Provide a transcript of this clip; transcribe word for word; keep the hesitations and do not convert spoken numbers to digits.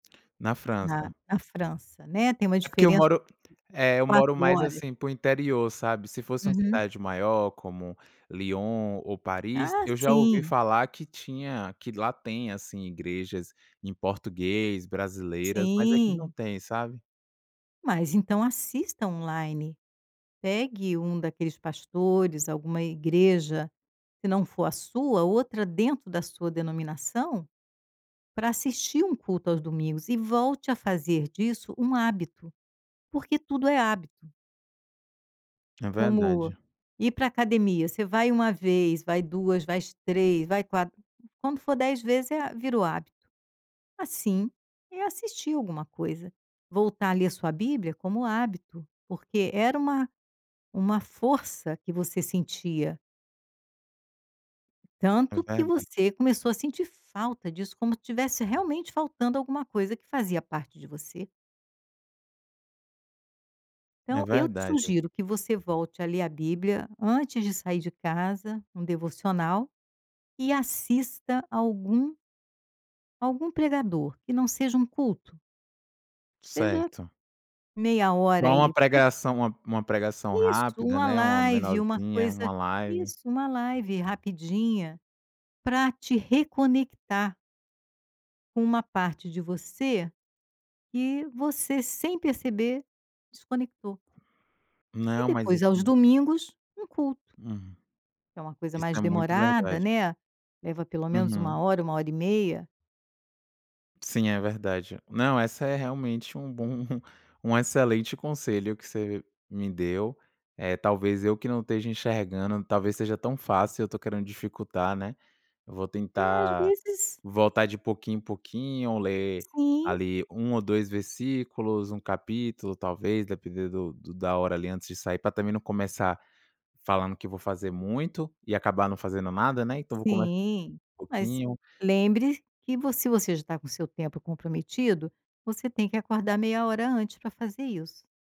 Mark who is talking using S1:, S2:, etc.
S1: Na
S2: Na
S1: França.
S2: na França, né, tem uma
S1: É porque eu
S2: diferença
S1: moro, eh, eu moro
S2: quatro
S1: mais
S2: horas.
S1: assim para o interior, sabe? Se fosse uma
S2: Uhum.
S1: cidade maior como Lyon ou Paris,
S2: Ah
S1: eu já ouvi
S2: sim.
S1: falar que tinha que lá tem, assim, igrejas em português, brasileiras, mas é que não
S2: Sim.
S1: tem, sabe?
S2: Mas então assista online, pegue um daqueles pastores, alguma igreja, se não for a sua, outra dentro da sua denominação, pra assistir um culto aos domingos e volte a fazer disso um hábito, porque tudo é hábito.
S1: É
S2: Como
S1: verdade.
S2: ir para academia, você vai uma vez, vai duas, vais três, vai quatro, quando for dez vezes é a virou hábito, assim é assistir alguma coisa, voltar ali a sua bíblia como hábito, porque era uma uma força que você sentia.
S1: É
S2: Tanto que
S1: verdade.
S2: você começou a sentir falta disso, como se tivesse realmente faltando alguma coisa que fazia parte de você.
S1: É
S2: Então eu te
S1: verdade.
S2: sugiro que você volte a ler a bíblia antes de sair de casa, um devocional, e assista algum algum pregador que não seja um culto seja
S1: Certo.
S2: meia
S1: Só
S2: hora
S1: uma
S2: aí para te
S1: pregação uma uma pregação
S2: isso um
S1: rápida, né, uma
S2: live, uma
S1: menorzinha, uma
S2: coisa
S1: live.
S2: isso uma live rapidinha, para te reconectar com uma parte de você que você sem perceber desconectou e
S1: Não, mas
S2: depois aos
S1: assim.
S2: domingos um culto.
S1: Hum.
S2: Que é uma coisa
S1: Isso
S2: mais
S1: é muito
S2: demorada
S1: verdade.
S2: né, leva pelo menos
S1: Uhum.
S2: uma hora uma hora e meia.
S1: Sim, é verdade. Não, essa é realmente um bom um excelente conselho que você me deu, eh, talvez eu que não esteja enxergando, talvez seja tão fácil e eu estou querendo dificultar, né. Eu vou
S2: É, às
S1: tentar
S2: vezes
S1: voltar de pouquinho em pouquinho, ler
S2: Sim.
S1: ali um ou dois versículos, um capítulo talvez, depender do do da hora ali antes de sair, pra também não começar falando que vou fazer muito e acabar não fazendo nada, né. Então vou começar
S2: Sim,
S1: com um
S2: mas
S1: pouquinho.
S2: lembre que você se você já está com seu tempo comprometido, você tem que acordar meia hora antes para fazer isso.